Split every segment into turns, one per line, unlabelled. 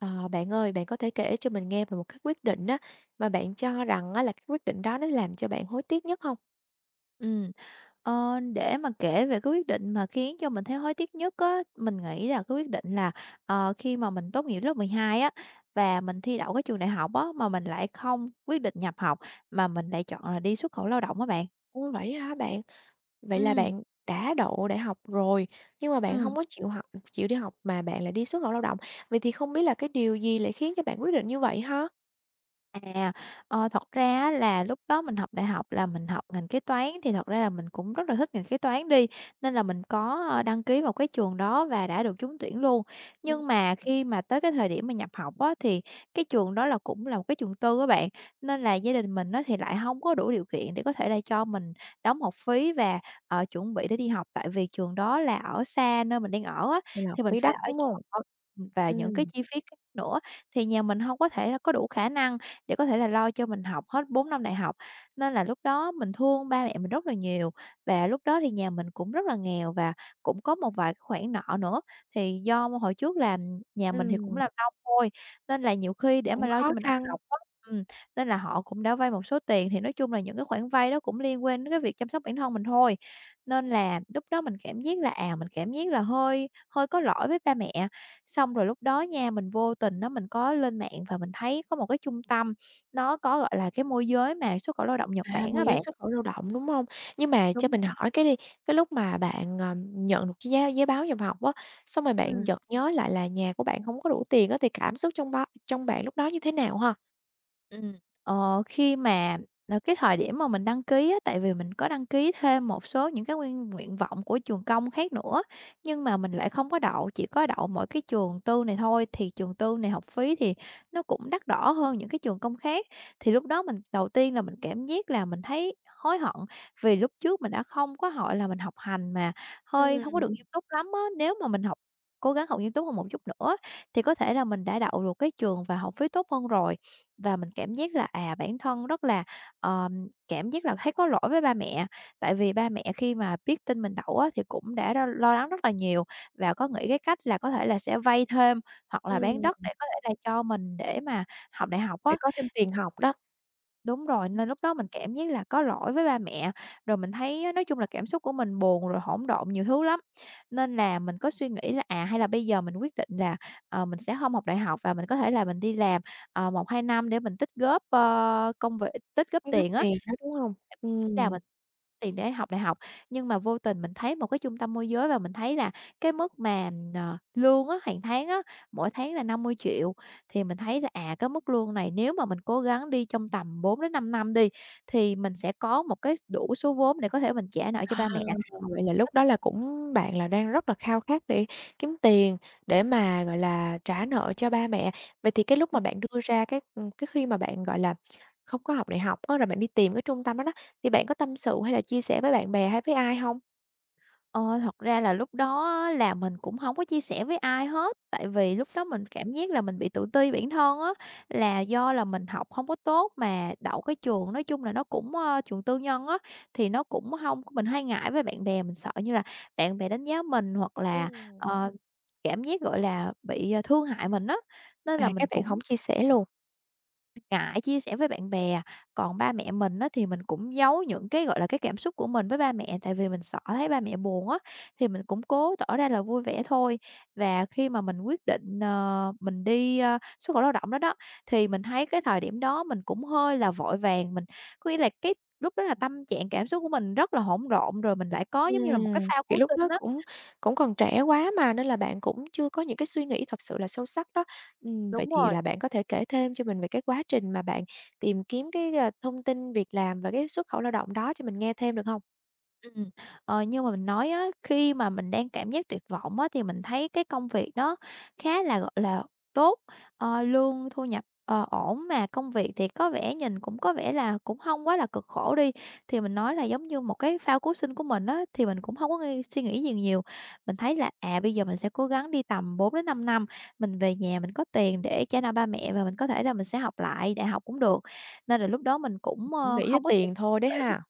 Ờ, bạn ơi! Bạn có thể kể cho mình nghe về một cái quyết định á, mà bạn cho rằng á là cái quyết định đó nó làm cho bạn hối tiếc nhất hông?
Ừm. Ờ, để mà kể về cái quyết định mà khiến cho mình thấy hối tiếc nhất á, mình nghĩ là cái quyết định là, ờ, khi mà mình tốt nghiệp lớp 12 á và mình thi đậu cái trường đại học á, mà mình lại không quyết định nhập học mà mình lại chọn là đi xuất khẩu lao động á bạn.
Ôi! Vậy á hả bạn? Vậy là
Ừm.
bạn đã đậu đại học rồi, nhưng mà bạn hông
Ừm.
có chịu học ừ, chịu đi học mà bạn lại đi xuất khẩu lao động, vậy thì không biết là cái điều gì lại khiến cho bạn quyết định như vậy ha?
À. Ờ, thật ra á là lúc đó mình học đại học là mình học ngành kế toán, thì thật ra là mình cũng rất là thích ngành kế toán đi, nên là mình có đăng ký vào cái trường đó và đã được trúng tuyển luôn.
Ừm.
Nhưng mà khi mà tới cái thời điểm mà nhập học á, thì cái trường đó là cũng là một cái trường tư á bạn, nên là gia đình mình á thì lại hông có đủ điều kiện để có thể là cho mình đóng học phí và, ờ, chuẩn bị để đi học, tại vì trường đó là ở xa nơi mình đang ở á,
Là học
thì mình
phí
phải
đắt,
ở
đúng hông?
trọ, ừm, và những cái
Ừm.
chi phí khác nữa thì nhà mình hông có thể là có đủ khả năng để có thể là lo cho mình học hết 4 năm đại học. Nên là lúc đó mình thương ba mẹ mình rất là nhiều và lúc đó thì nhà mình cũng rất là nghèo và cũng có một vài cái khoản nợ nữa, thì do hồi trước là nhà mình thì cũng
Ừm.
làm nông thôi nên là nhiều khi để mà
Cũng
lo cho
khó
mình ăn
khăn.
học á, ừm, nên là họ cũng đã vay một số tiền thì nói chung là những cái khoản vay đó cũng liên quan đến cái việc chăm sóc bản thân mình thôi, nên là lúc đó mình cảm giác là, à, mình cảm giác là hơi hơi có lỗi với ba mẹ, xong rồi lúc đó nha mình vô tình á mình có lên mạng và mình thấy có một cái trung tâm, nó có, gọi là, cái môi giới mà xuất khẩu lao động Nhật
À!
Bản á
Môi giới
bạn.
xuất khẩu lao động, đúng hông? Nhưng mà cho
Đúng
mình
vậy.
hỏi cái đi, cái lúc mà bạn, ờ, nhận được cái giá giấy báo nhập học á, xong rồi bạn
Ừm.
chợt nhớ lại là nhà của bạn hông có đủ tiền á thì cảm xúc trong bao trong bạn lúc đó như thế nào ha?
Ừm, ờ, khi mà, ờ, cái thời điểm mà mình đăng ký á, tại vì mình có đăng ký thêm một số những cái nguyên nguyện vọng của trường công khác nữa, nhưng mà mình lại không có đậu, chỉ có đậu mỗi cái trường tư này thôi, thì trường tư này học phí thì nó cũng đắt đỏ hơn những cái trường công khác. Thì lúc đó mình đầu tiên là mình cảm giác là mình thấy hối hận vì lúc trước mình đã không có hội là mình học hành mà hơi hông có
Ừm.
được nghiêm túc lắm á, nếu mà mình học cố gắng học nghiêm túc hơn một chút nữa thì có thể là mình đã đậu được cái trường và học phí tốt hơn rồi. Và mình cảm giác là, à, bản thân rất là, ờm, cảm giác là thấy có lỗi với ba mẹ. Tại vì ba mẹ khi mà biết tin mình đậu á thì cũng đã r lo lo lắng rất là nhiều và có nghĩ cái cách là có thể là sẽ vay thêm, hoặc là bán đất để
Ừm.
có thể là cho mình để mà học đại học
Để
á.
có thêm tiền học đó.
Đúng rồi,
Ừm.
nên lúc đó mình cảm giác là có lỗi với ba mẹ, rồi mình thấy á nói chung là cảm xúc của mình buồn rồi hỗn độn nhiều thứ lắm, nên là mình có suy nghĩ là, à, hay là bây giờ mình quyết định là, ờ, mình sẽ hông học đại học và mình có thể là mình đi làm, ờ, 1-2 năm để mình tích góp, ơ, công việc tích góp
Cái gấp
tiền á.
tiền đó, đúng hông?
Là
Ừm.
mình tiền để học đại học, nhưng mà vô tình mình thấy một cái trung tâm môi giới và mình thấy là cái mức mà, ờ, lương á, hàng tháng á, mỗi tháng là 50 triệu thì mình thấy là, à, cái mức lương này nếu mà mình cố gắng đi trong tầm 4 đến 5 năm đi thì mình sẽ có một cái đủ số vốn để có thể mình trả nợ cho
Ờ,
ba mẹ.
vậy là lúc đó
[unintelligible]
là cũng bạn là đang rất là khao khát để kiếm tiền để mà, gọi là, trả nợ cho ba mẹ. Vậy thì cái lúc mà
Ừm.
bạn đưa ra cái, ừm, cái khi mà bạn, gọi là, không có học đại học á là bạn đi tìm cái trung tâm đó đó, thì bạn có tâm sự hay là chia sẻ với bạn bè hay với ai hông?
Ờ, thật ra là lúc đó á là mình cũng hông có chia sẻ với ai hết. Tại vì lúc đó mình cảm giác là mình bị tự ti bản thân á. Là do là mình học hông có tốt mà đậu cái trường nói chung là nó cũng, ơ, trường tư nhân á, thì nó cũng hông mình hay ngại với bạn bè. Mình sợ như là bạn bè đánh giá mình hoặc là,
Ừm.
ờ, cảm giác gọi là bị thương hại mình á. Nên
À,
là
cái
mình
bạn hổng
cũng
chia sẻ luôn?
ngại chia sẻ với bạn bè. Còn ba mẹ mình á, thì mình cũng giấu những cái, gọi là, cái cảm xúc của mình với ba mẹ. Tại vì mình sợ thấy ba mẹ buồn á, thì mình cũng cố tỏ ra là vui vẻ thôi. Và khi mà mình quyết định, ờ, mình đi, ơ, xuất khẩu lao động đó, đó, thì mình thấy cái thời điểm đó mình cũng hơi là vội vàng. Mình có nghĩa là cái lúc đó là tâm trạng cảm xúc của mình rất là hỗn độn rồi mình lại có giống như là một cái
Ừm.
phao
Kiểu
cứu
lúc đó
sinh á.
cũng cũng còn trẻ quá mà. Nên là bạn cũng chưa có những cái suy nghĩ thật sự là sâu sắc đó. Ừm, vậy
Đúng
thì
rồi!
là bạn có thể kể thêm cho mình về cái quá trình mà bạn tìm kiếm cái, ờ, thông tin việc làm và cái xuất khẩu lao động đó cho mình nghe thêm, được hông?
Ừm. Ờ, như mà mình nói á, khi mà mình đang cảm giác tuyệt vọng á, thì mình thấy cái công việc đó khá là, gọi là, tốt. Ờ, lương thu nhập, ờ, ổn mà công việc thì có vẻ nhìn cũng có vẻ là cũng hông quá là cực khổ đi. Thì mình nói là giống như một cái phao cứu sinh của mình á, thì mình cũng hông có nghi suy nghĩ gì nhiều. Mình thấy là, à, bây giờ mình sẽ cố gắng đi tầm 4 đến 5 năm, mình về nhà mình có tiền để trả nợ ba mẹ và mình có thể là mình sẽ học lại đại học cũng được. Nên là lúc đó mình cũng,
Cũng
ơ,
nghĩ tới
không có
tiền thôi đấy ha!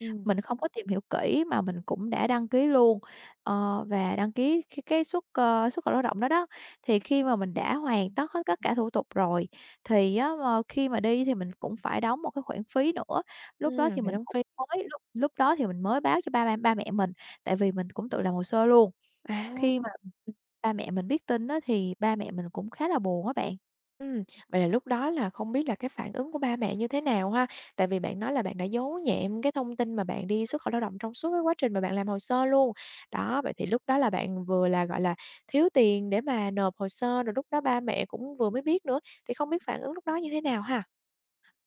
Ừm.
mình không có tìm kỹ. Mình không có tìm hiểu kỹ mà mình cũng đã đăng ký luôn. Ờ, và đăng ký, cái, cái, xuất, ơ, xuất khẩu lao động đó đó. Thì khi mà mình đã hoàn tất hết tất cả thủ tục rồi, thì á, ờ, khi mà đi thì mình cũng phải đóng một cái khoản phí nữa. Lúc đó
Ừm.
thì
Phải
mình
đóng
cũng
phí.
mới, lúc lúc đó thì mình mới báo cho ba ba ba mẹ mình, tại vì mình cũng tự làm hồ sơ luôn.
À!
Khi mà,
Ừm.
ừm, ba mẹ mình biết tin á thì ba mẹ mình cũng khá là buồn á bạn.
Ừm, vậy là lúc đó là không biết là cái phản ứng của ba mẹ như thế nào ha? Tại vì bạn nói là bạn đã giấu nhẹm cái thông tin mà bạn đi xuất khẩu lao động trong suốt cái quá trình mà bạn làm hồ sơ luôn. Đó, vậy thì lúc đó là bạn vừa là, gọi là, thiếu tiền để mà nộp hồ sơ, rồi lúc đó ba mẹ cũng vừa mới biết nữa, thì không biết phản ứng lúc đó như thế nào ha?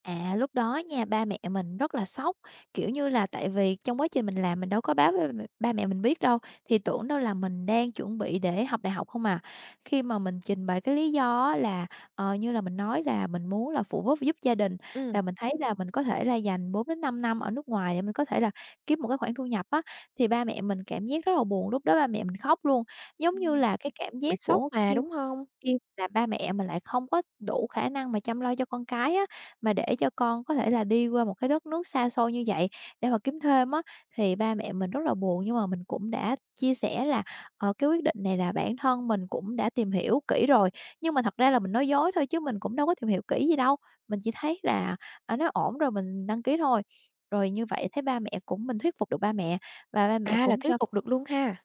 À, lúc đó nha, ba mẹ mình rất là sốc, kiểu như là, tại vì trong quá trình mình làm mình đâu có báo với ba mẹ ba mẹ mình biết đâu, thì tưởng đâu là mình đang chuẩn bị để học đại học không à. Khi mà mình trình bày cái lý do á là, ờ, như là mình nói là mình muốn là phụ giúp giúp gia đình.
Ừm.
Và mình thấy là mình có thể là dành 4-5 năm ở nước ngoài để mình có thể là kiếm một cái khoản thu nhập á, thì ba mẹ mình cảm giác rất là buồn, lúc đó ba mẹ mình khóc luôn. Giống như
Ừm,
là cái cảm
bị
giác
sốc
của khi
mà, đúng hông?
khi là ba mẹ mà lại không có đủ khả năng mà chăm lo cho con cái á mà để cho con có thể là đi qua một cái đất nước xa xôi như vậy để mà kiếm thêm á thì ba mẹ mình rất là buồn. Nhưng mà mình cũng đã chia sẻ là, ờ, cái quyết định này là bản thân mình cũng đã tìm hiểu kỹ rồi, nhưng mà thật ra là mình nói dối thôi chứ mình cũng đâu có tìm hiểu kỹ gì đâu. Mình chỉ thấy là, à, nó ổn rồi mình đăng ký thôi, rồi như vậy thấy ba mẹ cũng mình thuyết phục được ba mẹ và ba mẹ
À, là
cũng
thuyết
cho
phục được luôn ha.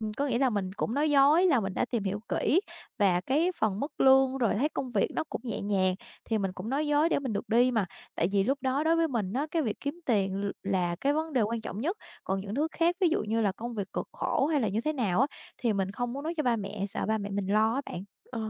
Ừm, có nghĩa là mình cũng nói dối là mình đã tìm hiểu kỹ và cái phần mức lương rồi thấy công việc nó cũng nhẹ nhàng, thì mình cũng nói dối để mình được đi mà, tại vì lúc đó đối với mình á cái việc kiếm tiền l là cái vấn đề quan trọng nhất, còn những thứ khác ví dụ như là công việc cực khổ hay là như thế nào á, thì mình không muốn nói cho ba mẹ sợ ba mẹ mình lo á bạn.
Ờ,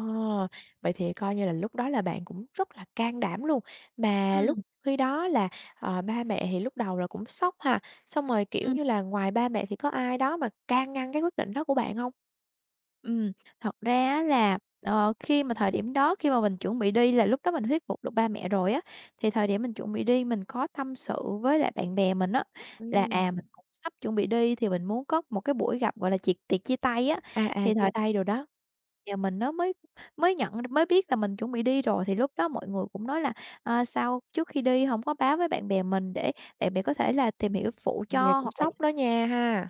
vậy thì coi như là lúc đó là bạn cũng rất là can đảm luôn. Mà lúc
Ừm.
khi đó là, ờ, ba mẹ thì lúc đầu là cũng sốc ha, xong rồi, kiểu
Ừm.
như là, ngoài ba mẹ thì có ai đó mà can ngăn cái quyết định đó của bạn hông?
Ừm, thật ra á là, ờ, khi mà thời điểm đó, khi mà mình chuẩn bị đi là lúc đó mình thuyết phục được ba mẹ rồi á, thì thời điểm mình chuẩn bị đi mình có tâm sự với lại bạn bè mình á là,
Ừm.
à, mình cũng sắp chuẩn bị đi thì mình muốn có một cái buổi gặp, gọi là, tiệc- tiệc chia tay á,
À, à,
thì
chia
thời
tay đồ đó.
Giờ mình nó mới mới nhận mới biết là mình chuẩn bị đi rồi thì lúc đó mọi người cũng nói là, ờ, sao trước khi đi hổng có báo với bạn bè mình để để bạn có thể là tìm hiểu phụ
Bạn bè
cho
cũng
hoặc là như
sốc đó nha ha.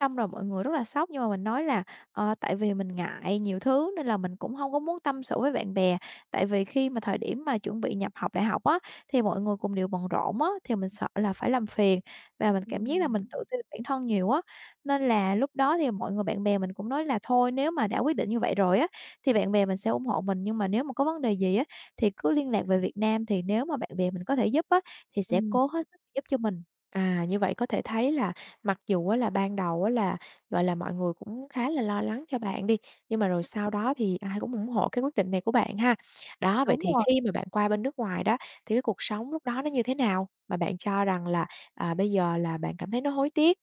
Xong rồi mọi người rất là sốc nhưng mà mình nói là, ờ, tại vì mình ngại nhiều thứ nên là mình cũng hông có muốn tâm sự với bạn bè, tại vì khi mà thời điểm mà chuẩn bị nhập học đại học á thì mọi người cùng đều bận rộn á thì mình sợ là phải làm phiền. Và mình cảm giác là
Ừm
mình tự ti bản thân nhiều á, nên là lúc đó thì mọi người, bạn bè mình cũng nói là thôi nếu mà đã quyết định như vậy rồi á thì bạn bè mình sẽ ủng hộ mình. Nhưng mà nếu mà có vấn đề gì á thì cứ liên lạc về Việt Nam thì nếu mà bạn bè mình có thể giúp á, thì sẽ
Ừm.
cố hết sức giúp cho mình.
À, như vậy có thể thấy là mặc dù á là, ban đầu á là, gọi là, mọi người cũng khá là lo lắng cho bạn đi, nhưng mà rồi
Ưm.
sau đó thì ai cũng ủng hộ cái quyết định này của bạn ha. Đó, vậy
Đúng
thì
rồi.
khi mà bạn qua bên nước ngoài đó thì cái cuộc sống lúc đó nó như thế nào mà bạn cho rằng là, à, bây giờ là bạn cảm thấy nó hối tiếc?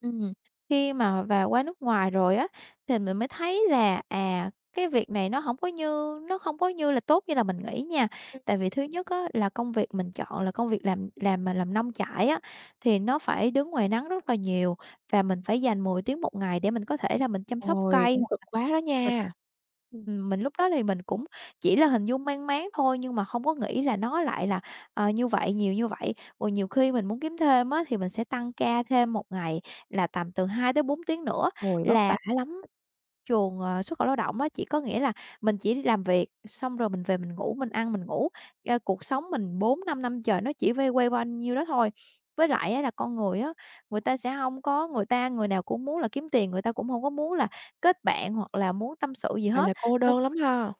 Ừm, khi mà và qua nước ngoài rồi á, thì mình mới thấy là, à, cái việc này nó hổng có như nó không có như là tốt như là mình nghĩ nha.
Ưm.
Tại vì thứ nhất á là công việc mình chọn là công việc làm làm mà làm nông trại á, thì nó phải đứng ngoài nắng rất là nhiều. Và mình phải dành 10 tiếng một ngày để mình có thể là mình chăm sóc
Ôi,
cây,
cũng
[unintelligible]
cực quá đó
mình
nha. Ừm.
ừm, mình lúc đó thì mình cũng chỉ là hình dung mang máng thôi nhưng mà hông có nghĩ là nó lại là, ờ, như vậy, nhiều như vậy, rồi nhiều khi mình muốn kiếm thêm á, thì mình sẽ tăng ca thêm 1 ngày là tầm từ 2-4 tiếng nữa
Ôi, vất
là
vả lắm.
trường, ờ, xuất khẩu lao động á, chỉ có nghĩa là mình chỉ đi làm việc xong rồi mình về mình ngủ, mình ăn, mình ngủ. Ơ, cuộc sống mình 4-5 năm trời nó chỉ vay quay quanh nhiêu đó thôi. Với lại á, là con người á, người ta sẽ hông có người ta người nào cũng muốn là kiếm tiền, người ta cũng hông có muốn là kết bạn hoặc là muốn tâm sự gì
Gọi
hết.
là, cô đơn
[unintelligible]
lắm ha.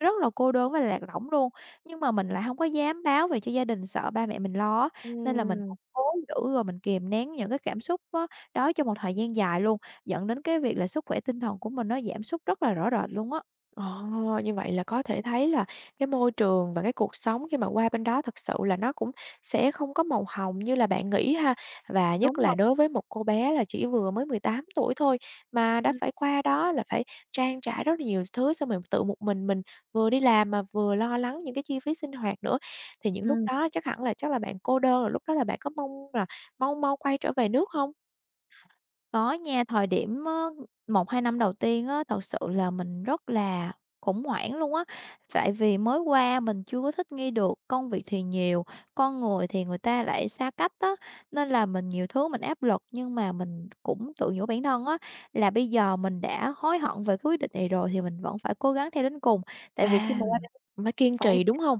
Rất là cô đơn với lạc lõng luôn. Nhưng mà mình lại hông có dám báo về cho gia đình sợ ba mẹ mình lo á, nên là mình
Ừm.
vẫn cố giữ rồi mình kìm nén những cái cảm xúc á đó trong một thời gian dài luôn, dẫn đến cái việc là sức khỏe tinh thần của mình nó giảm sút rất là rõ rệt luôn á.
Ờ, như vậy là có thể thấy là cái môi trường và cái cuộc sống khi mà qua bên đó thực sự là nó cũng sẽ không có màu hồng như là bạn nghĩ ha. Và
Đúng
nhất là
rồi.
đối với một cô bé là chỉ vừa mới 18 tuổi thôi, mà đã
Ừm.
phải qua đó là phải trang trải rất là nhiều thứ xong rồi tự một mình mình vừa đi làm mà vừa lo lắng những cái chi phí sinh hoạt nữa. Thì những lúc
Ừm.
đó chắc hẳn là chắc là bạn cô đơn, rồi lúc đó là bạn có mong là mau mau quay trở về nước hông?
Có nha, thời điểm á 1-2 năm đầu tiên á, thật sự là mình rất là khủng hoảng luôn á. Tại vì mới qua mình chưa có thích nghi được, công việc thì nhiều, con người thì người ta lại xa cách á. Nên là mình nhiều thứ mình áp lực nhưng mà mình cũng tự nhủ bản thân á, là bây giờ mình đã hối hận về cái quyết định này rồi thì mình vẫn phải cố gắng theo đến cùng. Tại vì khi
À,
mà qua đây
mình phải kiên
phải
trì, đúng hông?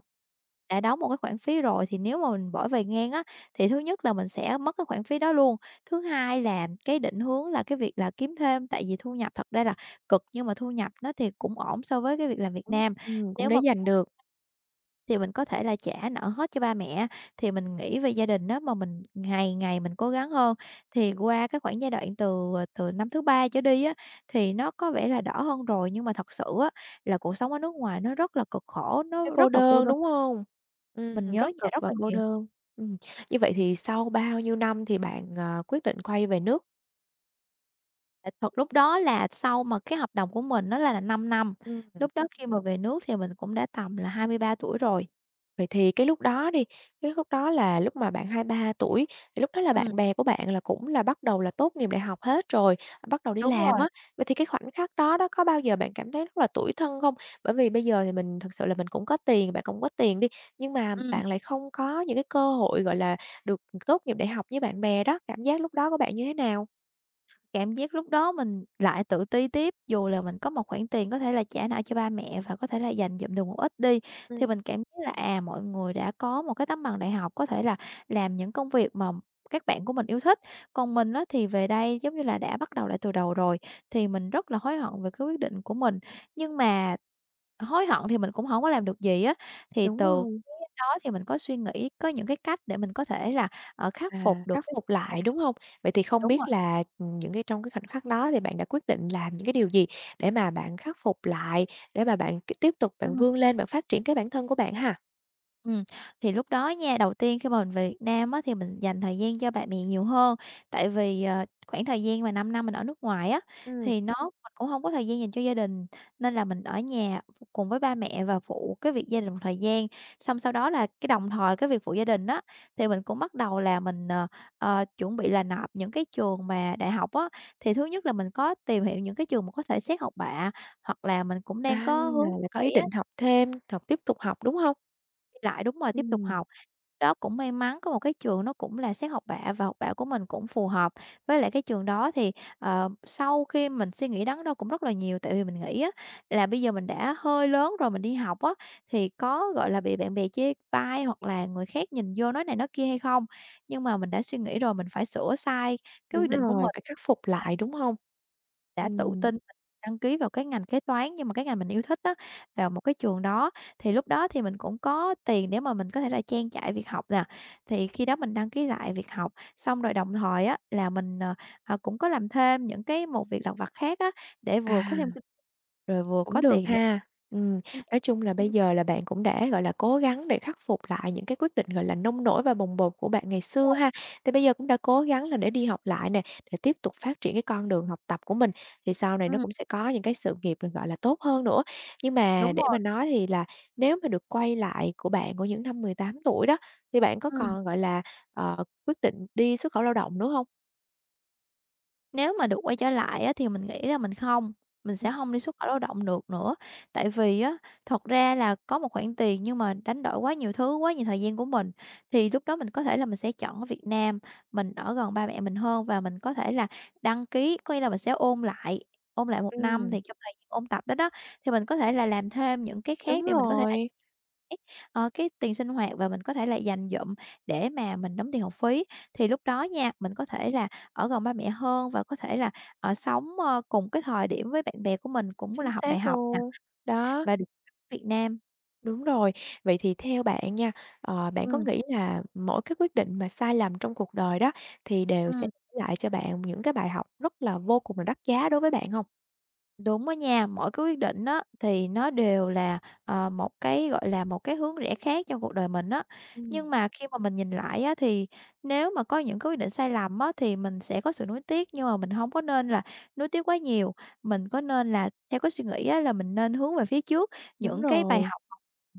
đã đóng một cái khoản phí rồi thì nếu mà mình bỏ về ngang á, thì thứ nhất là mình sẽ mất cái khoản phí đó luôn. Thứ hai là cái định hướng là cái việc là kiếm thêm, tại vì thu nhập thật ra là cực nhưng mà thu nhập á thì cũng ổn so với cái việc làm Việt
Ừm,
Nam.
ừm, cũng
Nếu
để
mà
dành được.
[unintelligible] thì mình có thể là trả nợ hết cho ba mẹ á, thì mình nghĩ về gia đình á mà mình ngày ngày mình cố gắng hơn. Thì qua cái khoảng giai đoạn từ, à, từ năm thứ 3 trở đi á thì nó có vẻ là đỡ hơn rồi, nhưng mà thật sự á là cuộc sống ở nước ngoài nó rất là cực khổ, nó
Thấy cô
rất là cô
đơn,
đơn.
đúng hông?
Mình
Ừm,
nhớ
rất
nhà
cực
rất
và
là
cô
nhiều.
đơn. Ừm. Như vậy thì sau bao nhiêu năm thì bạn, à, quyết định quay về nước?
Tại thật lúc đó là sau mà cái hợp đồng của mình nó ra là 5 năm,
Ưm.
lúc đó khi mà về nước thì mình cũng đã tầm là 23 tuổi rồi.
Vậy thì cái lúc đó đi, cái lúc đó là lúc mà bạn 23 tuổi thì lúc đó là bạn
Ừm.
bè của bạn là cũng là bắt đầu là tốt nghiệp đại học hết rồi, bắt đầu đi
Đúng
làm
rồi.
á. Vậy thì cái khoảnh khắc đó đó, có bao giờ bạn cảm thấy rất là tủi thân không? Bởi vì bây giờ thì mình thực sự là mình cũng có tiền, bạn cũng có tiền đi, nhưng mà
Ừm.
bạn lại không có những cái cơ hội, gọi là, được tốt nghiệp đại học với bạn bè đó, cảm giác lúc đó của bạn như thế nào?
Cảm giác lúc đó mình lại tự ti tiếp, dù là mình có một khoản tiền có thể là trả nợ cho ba mẹ và có thể là dành dụm được một ít đi, thì
Ừm.
mình cảm thấy là, à, mọi người đã có một cái tấm bằng đại học, có thể là làm những công việc mà các bạn của mình yêu thích. Còn mình á, thì về đây, giống như là, đã bắt đầu lại từ đầu rồi, thì mình rất là hối hận về cái quyết định của mình. Nhưng mà hối hận thì mình cũng hổng có làm được gì á, thì
Đúng
từ
rồi.
cái đó thì mình có suy nghĩ, có những cái cách để mình có thể là, ờ, khắc phục
À,
được
khắc
cái
phục
à,
lại, đúng hông? Vậy thì không
đúng rồi.
biết là, ừm, những cái trong cái khoảnh khắc đó thì bạn đã quyết định làm những cái điều gì để mà bạn khắc phục lại, để mà bạn, c tiếp tục bạn
Ừm.
vươn lên, bạn phát triển cái bản thân của bạn ha?
Ừm. Thì lúc đó nha, đầu tiên khi mà mình về Việt Nam á, thì mình dành thời gian cho bà mè nhiều hơn. Tại vì, ờ, khoảng thời gian mà 5 năm mình ở nước ngoài á,
Ừm.
thì nó mà cũng hông có thời gian dành cho gia đình. Nên là mình ở nhà cùng với ba mẹ và phụ cái việc gia đình một thời gian. Xong sau đó là cái đồng thời cái việc phụ gia đình á, thì mình cũng bắt đầu là mình, ờ, ờ, chuẩn bị là nộp những cái trường mà đại học á. Thì thứ nhất là mình có tìm hiểu những cái trường mà có thể xét học bạ, hoặc là mình cũng đang
À,
có hướng
là có ý
nghỉ á.
định học thêm, học tiếp tục học, đúng hông?
Lại, đúng rồi, tiếp tục
Ừm.
học. Đó, cũng may mắn, có một cái trường nó cũng là xét học bạ và học bạ của mình cũng phù hợp. Với lại cái trường đó thì, ờ, sau khi mình suy nghĩ đắn đo cũng rất là nhiều, tại vì mình nghĩ á, là bây giờ mình đã hơi lớn rồi mình đi học á, thì có, gọi là, bị bạn bè chê bai hoặc là người khác nhìn vô nói này nói kia hay không. Nhưng mà mình đã suy nghĩ rồi mình phải sửa sai cái
Đúng
quyết định của
rồi,
mình
phải khắc phục lại,
[unintelligible]
đúng hông?
Đã tự
Ừm.
tin và đăng ký vào cái ngành kế toán như mà cái ngành mình yêu thích á, vào một cái trường đó thì lúc đó thì mình cũng có tiền để mà mình có thể là trang trải việc học nè. Thì khi đó mình đăng ký lại việc học, xong rồi đồng thời á, là mình, ờ, à, cũng có làm thêm những cái một việc lặt vặt khác á, để vừa có thêm
À.
kinh rồi vừa
Cũng
có
được
tiền
ha. Ừm, nói chung là bây
[unintelligible]
giờ là bạn cũng đã, gọi là, cố gắng để khắc phục lại những cái quyết định, gọi là, nông nổi và bồng bột của bạn ngày
Đúng
xưa ha.
rồi.
Thì bây giờ cũng đã cố gắng là để đi học lại nè, để tiếp tục phát triển cái con đường học tập của mình, thì sau này nó
Ừm.
cũng sẽ có những cái sự nghiệp mình, gọi là, tốt hơn nữa. Nhưng mà
Đúng
để mà
rồi.
nói thì là nếu mà được quay lại của bạn của những năm 18 tuổi đó, thì bạn có
Ừm.
còn, gọi là, ờ, quyết định đi xuất khẩu lao động nữa hông?
Nếu mà được quay trở lại á, thì mình nghĩ là mình không, mình sẽ
Ừm.
hông đi xuất khẩu lao động được nữa. Tại vì á, thật ra là có một khoản tiền nhưng mà đánh đổi quá nhiều thứ, quá nhiều thời gian của mình thì lúc đó mình có thể là mình sẽ chọn ở Việt Nam. Mình ở gần ba mẹ mình hơn và mình có thể là đăng ký có nghĩa là mình sẽ ôn lại ôn lại 1 năm,
Ừm.
thì trong thời gian ôn tập đó đó, thì mình có thể là làm thêm những cái
Đúng
khác để mình có thể là
rồi.
[unintelligible] ờ, cái tiền sinh hoạt và mình có thể là dành dụm để mà mình đóng tiền học phí. Thì lúc đó nha, mình có thể là ở gần ba mẹ hơn và có thể là, ờ, sống, ơ, cùng cái thời điểm với bạn bè của mình cũng
Chính
là học đại
xác
học nè,
luôn, đó.
và được ở Việt Nam.
Đúng rồi. Vậy thì theo bạn nha, ờ, bạn có
Ừm.
nghĩ là mỗi cái quyết định mà sai lầm trong cuộc đời đó thì đều sẽ
Ừm.
lại cho bạn những cái bài học rất là vô cùng là đắt giá đối với bạn hông?
Đúng á nha. Mỗi cái quyết định á, thì nó đều là, ờ, một cái, gọi là, một cái hướng rẽ khác trong cuộc đời mình á. Nhưng
Ừm.
mà khi mà mình nhìn lại á, thì nếu mà có những cái quyết định sai lầm á, thì mình sẽ có sự nuối tiếc, nhưng mà mình hông có nên là nuối tiếc quá nhiều. Mình có nên là theo cái suy nghĩ á là mình nên hướng về phía trước.
Đúng
Những cái bài
rồi.
học học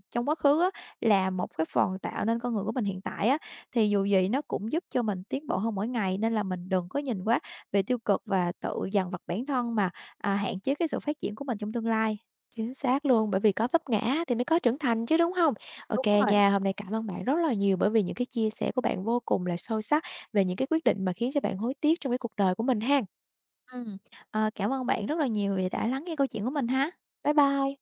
trong quá khứ á, là một cái phần tạo nên con người của mình hiện tại á. Thì dù gì nó cũng giúp cho mình tiến bộ hơn mỗi ngày, nên là mình đừng có nhìn quá về tiêu cực và tự dằn vặt bản thân mà, à, hạn chế cái sự phát triển của mình trong tương lai.
Chính xác luôn, bởi vì có vấp ngã á, thì mới có trưởng thành chứ, đúng hông? OK
Đúng rồi.
nha, hôm nay cảm ơn bạn rất là nhiều bởi vì những cái chia sẻ của bạn vô cùng là sâu sắc về những cái quyết định mà khiến cho bạn hối tiếc trong cái cuộc đời của mình ha.
Ừm. Ờ, cảm ơn bạn rất là nhiều vì đã lắng nghe câu chuyện của mình ha.
Bye bye.